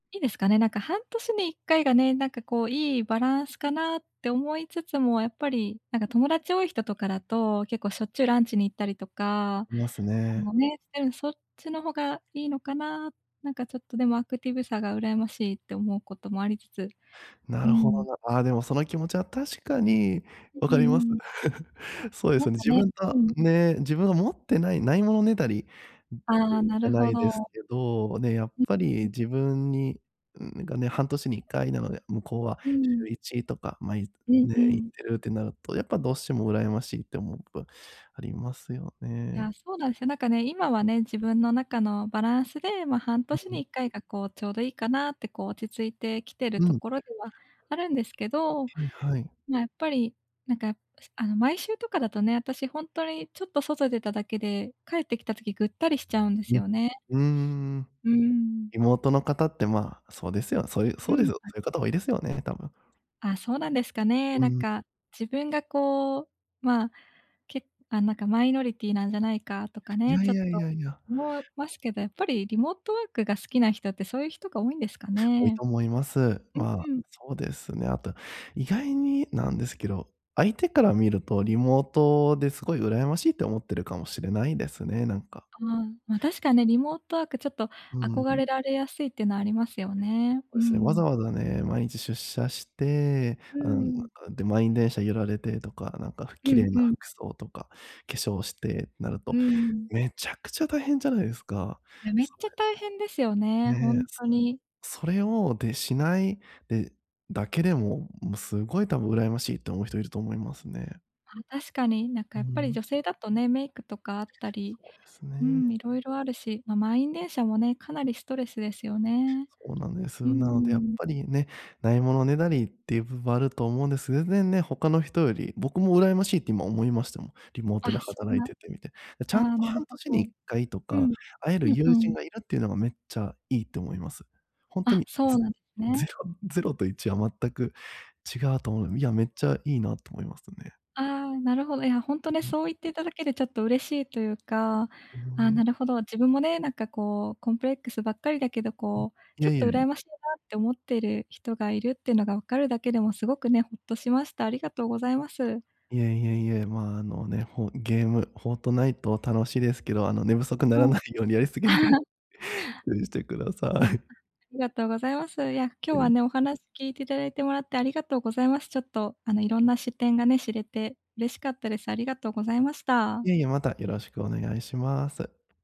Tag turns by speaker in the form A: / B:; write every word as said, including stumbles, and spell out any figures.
A: いですかね、なんか半年にいっかいがね、なんかこういいバランスかなって思いつつも、やっぱりなんか友達多い人とかだと結構しょっちゅうランチに行ったりとか、
B: います
A: あ
B: ね。
A: の、ね、うん、そっちの方がいいのかな？なんかちょっと、でも、アクティブさが羨ましいって思うこともありつつ、
B: な
A: うー
B: るほど
A: ん。
B: な。あ、でもその気持ちは確かに
A: う
B: 分
A: う
B: かります。
A: ん。
B: そうで
A: な
B: す
A: ん
B: よね、
A: か
B: 自
A: ね、
B: 分が、
A: うん。
B: ね、自分が持ってないないものねだり [unintelligible]
A: あ
B: じ
A: あ、な
B: ゃ
A: る
B: な
A: ほ
B: いです
A: ど。
B: けど、ね、やっ
A: う、
B: ぱり
A: うん。
B: 自分にん、がね、半年にいっかいなので、向こうは
A: う
B: しゅう
A: ん。
B: いちとか、ま、い
A: うん
B: ね、
A: う
B: 行っ
A: ん。
B: てるってなると、やっぱどうしても羨ましいって思うことありますよ
A: い
B: ね。
A: や、そうなんすよ、なんかね、今はね、自分の中のバランスで、ま、半
B: う
A: 年に
B: ん。
A: いっかいがこう、ちょうどいいかなってこう落ち着いてきてる
B: う
A: と
B: ん。
A: ころではあるんですけど、
B: はいはい。
A: ま、やっぱりなんか、すあの、毎週とかだとね、あたしほんとにちょっと外出ただけで帰ってきた時ぐったりしちゃうんです
B: うん、
A: よね。
B: うーん。
A: うーん。
B: リモートの方ってまあ、そうですよ、そうゆ
A: う
B: そうです、
A: ん、
B: そ
A: はい。
B: ういう方多いですよね、多分。
A: あ、そうなんですかね。
B: う
A: なん
B: ん。
A: か自分がこう、まあ、けあ、なんかマイノリティなんじゃないかとか
B: い
A: ね、
B: や
A: ちょ
B: い
A: っ
B: やい
A: と
B: やいや。
A: 思、ますけど、やっぱりリモートワークが好きな人ってそういう人が多いんですか
B: 多い
A: ね。
B: と思います。
A: う
B: まあ、
A: んうん。
B: そうですね。あと、意外になんですけど、相手から見るとリモートですごい羨ましいって思ってるかもしれないですね、なんか。
A: ああ、ま、確か、ね、リモートワークちょっと
B: うー
A: 憧
B: ん。
A: れられやすいっての、ありますよね。うー
B: ですね、わ
A: ん。
B: ざわざね、毎日出社して、
A: う
B: あ
A: ー
B: の、ん、
A: ん。
B: あ、で、満員電車揺られてとか、なんか
A: う
B: 綺
A: ん
B: 麗
A: う
B: な
A: ん。
B: 服装とか化粧して、なる
A: うー
B: と、
A: ん。
B: めちゃくちゃ大変じゃないですか、
A: いや、めっ
B: そ
A: ちゃ
B: れ。
A: 大変ですよね、ほ
B: ね、
A: ん
B: す
A: とに。
B: それをで、しないでだけでも、もう、すごい多分羨ましいって思う人いると思いますね。
A: ま、確かに、なんか
B: うー
A: やっぱり女
B: ん。
A: 性だとね、メイクとかあったり、
B: そうです
A: うー
B: ね。
A: ん、いろいろあるし、ま、満員電車もねかなりストレスですよね。
B: そうなんです。
A: うんう
B: なのでやっ
A: ん。
B: ぱりね、ないものねだりっていう部分あると思うんです。全然ね、他の人より、僕も羨ましいって今思いましたもん、リモートで
A: あ、そん
B: 働い
A: な
B: ててみて。で、ち
A: あ
B: ゃんと
A: あ、なる
B: 半
A: ほ
B: 年にい
A: ど。
B: っかいと
A: う
B: か
A: ん。
B: 会える
A: うんう
B: 友人
A: ん。
B: がいるっていうのがめっちゃいいって思います。ほんと
A: あ、
B: に
A: そう
B: ゼ
A: なん、す
B: ゼ
A: ね。
B: ロゼロといちは全く違うと思ういや、めっちゃいいなと思いますね。
A: ああ、なるほど。いやほんと
B: う
A: ね、
B: うん。
A: そう言っていただけでちょっと嬉しいというか、あ
B: いえ
A: あ、
B: いえ。
A: なるほど、自分もね、なんかこうコンプレックスばっかりだけど、
B: ん、い
A: こう、ち
B: や
A: ょっ
B: い
A: と
B: やいや。
A: 羨ましいなって思ってる人がいるってのが分かるだけでもすごくね、ホッとしました。ありがとうございます。
B: いえいえいえ。まあ、あのね、ほゲーム、フォートナイト楽しいですけど、あの、寝不足なら
A: はい。
B: ないようにやりすぎない 注意してください。
A: あ、ありがとうございます。いや、今日
B: え
A: は
B: え。
A: ね、お話聞いていただいてもらってありがとうございます。ちょっとあの、いろんな視点がね、知れて嬉しかったです。ありがとうございました。
B: いえいえ、またよろしくお願いします。